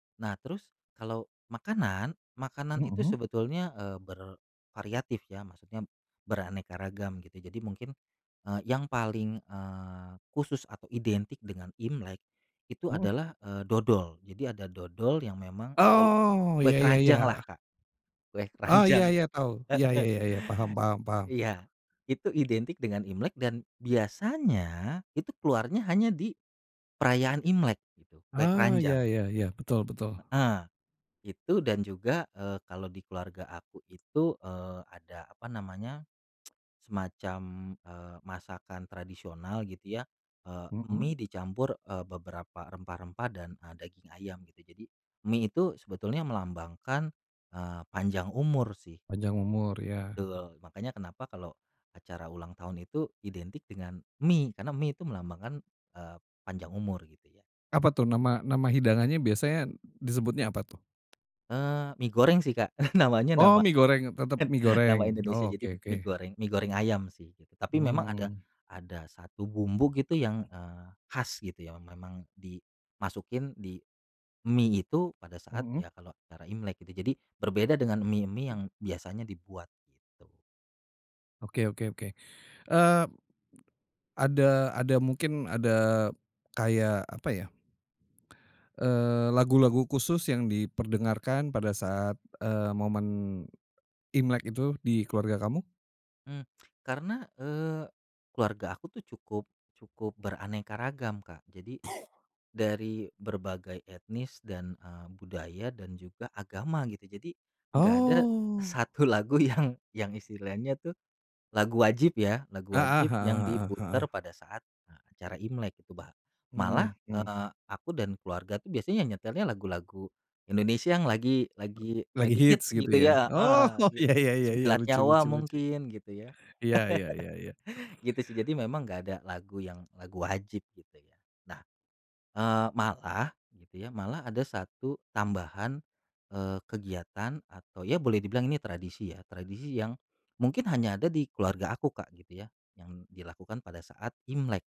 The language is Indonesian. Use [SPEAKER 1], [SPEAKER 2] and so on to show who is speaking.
[SPEAKER 1] Nah, terus kalau makanan, makanan itu
[SPEAKER 2] Mhm.
[SPEAKER 1] sebetulnya, eee, bervariatif ya maksudnya beraneka ragam gitu. Jadi mungkin, eee, yang paling, eee, khusus atau identik dengan Imlek, itu
[SPEAKER 2] Mhm.
[SPEAKER 1] adalah, eee, dodol. Jadi ada dodol yang memang kole
[SPEAKER 2] Oh,
[SPEAKER 1] kue
[SPEAKER 2] iya iya
[SPEAKER 1] keranjanglah,
[SPEAKER 2] iya.
[SPEAKER 1] Kak. Kue
[SPEAKER 2] Oh, iya
[SPEAKER 1] keranjang.
[SPEAKER 2] iya, tahu. Iya iya
[SPEAKER 1] Heeh.
[SPEAKER 2] iya iya, paham paham paham.
[SPEAKER 1] Iya. Itu identik dengan Imlek dan biasanya itu keluarnya hanya di perayaan Imlek gitu, kue
[SPEAKER 2] Ah, iya
[SPEAKER 1] keranjang.
[SPEAKER 2] iya iya, betul betul.
[SPEAKER 1] Heeh, itu dan juga, eee, kalau di keluarga aku itu, eee, ada apa namanya, semacam, eee, masakan tradisional gitu ya, eee,
[SPEAKER 2] Mhm.
[SPEAKER 1] mie dicampur, eee, beberapa rempah-rempah dan, eee, daging ayam gitu. Jadi, mie itu sebetulnya melambangkan, eee, panjang umur sih.
[SPEAKER 2] Panjang umur, iya.
[SPEAKER 1] Betul. Makanya kenapa kalau acara ulang tahun itu identik dengan mie, karena mie itu melambangkan, eee, panjang umur gitu ya.
[SPEAKER 2] Apa tuh nama nama hidangannya biasanya disebutnya apa tuh?
[SPEAKER 1] Eee, mie goreng sih, Kak. Namanya
[SPEAKER 2] Oh,
[SPEAKER 1] nama
[SPEAKER 2] mie goreng, tetep mie
[SPEAKER 1] nama
[SPEAKER 2] goreng.
[SPEAKER 1] Indonesia
[SPEAKER 2] Oh,
[SPEAKER 1] jadi
[SPEAKER 2] oke
[SPEAKER 1] mie
[SPEAKER 2] oke.
[SPEAKER 1] goreng mie goreng ayam sih gitu. Tapi memang ada
[SPEAKER 2] Mmm.
[SPEAKER 1] ada 1 bumbu gitu yang, eee, khas gitu ya memang dimasukin di mie itu pada saat
[SPEAKER 2] Mhm.
[SPEAKER 1] ya kalau acara Imlek gitu, jadi berbeda dengan mie-mie
[SPEAKER 2] Mmm.
[SPEAKER 1] yang biasanya dibuat, gitu.
[SPEAKER 2] Oke oke oke. Eee, ada ada mungkin ada kayak apa ya? Eee, lagu-lagu khusus yang diperdengarkan pada saat, eee, momen Imlek itu di keluarga kamu?
[SPEAKER 1] Mmm. Karena, eee, keluarga aku tuh cukup cukup beraneka ragam, Kak. Jadi dari berbagai etnis dan, eee, budaya dan juga agama gitu, jadi nggak ada
[SPEAKER 2] Oh.
[SPEAKER 1] 1 lagu yang yang istilahnya tuh, lagu wajib ya, lagu
[SPEAKER 2] Heeh
[SPEAKER 1] wajib yang
[SPEAKER 2] heeh heeh
[SPEAKER 1] diputar
[SPEAKER 2] heeh.
[SPEAKER 1] pada saat, eee, acara Imlek itu bah malah,
[SPEAKER 2] Mhm mhm.
[SPEAKER 1] eee, aku dan keluarga tuh biasanya ya nyetelnya lagu-lagu Indonesia yang lagi lagi
[SPEAKER 2] Lagi
[SPEAKER 1] lagi
[SPEAKER 2] hits
[SPEAKER 1] hits
[SPEAKER 2] gitu
[SPEAKER 1] gitu
[SPEAKER 2] ya?
[SPEAKER 1] ya
[SPEAKER 2] Oh,
[SPEAKER 1] heeh, git
[SPEAKER 2] iya iya iya iya,
[SPEAKER 1] Sembilan
[SPEAKER 2] lucu
[SPEAKER 1] Nyawa
[SPEAKER 2] lucu lucu.
[SPEAKER 1] mungkin gitu ya,
[SPEAKER 2] Iya iya iya iya.
[SPEAKER 1] gitu sih. Jadi memang enggak ada lagu yang lagu wajib gitu ya. Nah, eee, malah gitu ya, malah ada 1 tambahan, eee, kegiatan atau ya boleh dibilang ini tradisi ya, tradisi yang mungkin hanya ada di keluarga aku, Kak, gitu ya yang dilakukan pada saat Imlek.